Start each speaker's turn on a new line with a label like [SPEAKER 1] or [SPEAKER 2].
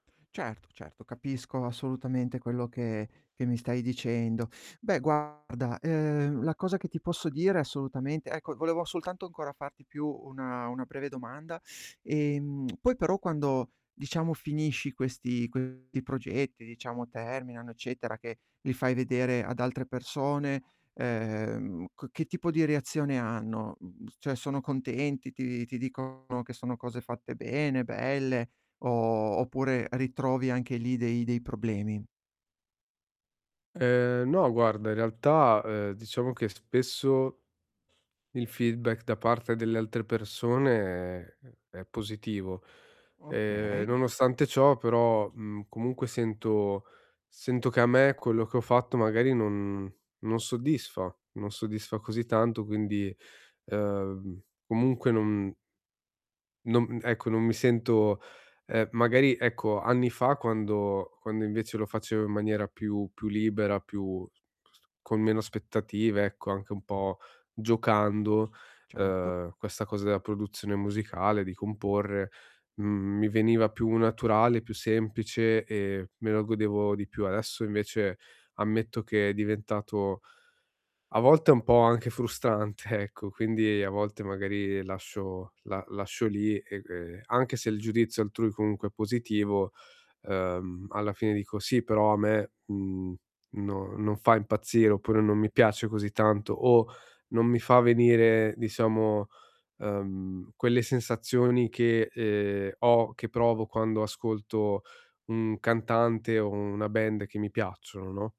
[SPEAKER 1] Certo, certo, capisco, assolutamente quello che che mi stai dicendo. Beh guarda, ehm, la cosa che ti posso dire assolutamente ecco, volevo soltanto ancora farti più una una breve domanda, ehm, poi però quando diciamo finisci questi questi progetti, diciamo terminano, eccetera che li fai vedere ad altre persone, ehm, ch che tipo di reazione hanno? Mhmm, cioè, sono contenti, ti ti dicono che sono cose fatte bene, belle, o o oppure ritrovi anche lì dei dei problemi?
[SPEAKER 2] Ehm, no guarda in realtà, ehm, diciamo che spesso il feedback da parte delle altre persone è è è positivo. Ehm,
[SPEAKER 1] Okay.
[SPEAKER 2] nonostante ciò però, mhmm, comunque sento sento che a me quello che ho fatto magari non non soddisfa, non soddisfa così tanto quindi, ehm, v m comunque non non uhm, ecco, non mi sento, ehm, magari, ecco, anni fa quando quando invece lo facevo in maniera più più libera, più [unintelligible] con meno aspettative ecco anche un po' giocando,
[SPEAKER 1] Certo.
[SPEAKER 2] ehm, questa cosa della produzione musicale, di comporre, mhmm, mi veniva più naturale, più semplice e me lo godevo di più. Adesso invece ammetto che è diventato a volte un po' anche frustrante ecco, quindi a volte magari lascio la lascio lì e e anche se il giudizio altrui comunque è positivo, ehm, alla fine dico: "Sì però a me, mhmm, no, non fa impazzire" oppure, non mi piace così tanto, o non mi fa venire, diciamo, ehm, quelle sensazioni che, ehm, ho che provo quando ascolto un cantante o una band che mi piacciono, no?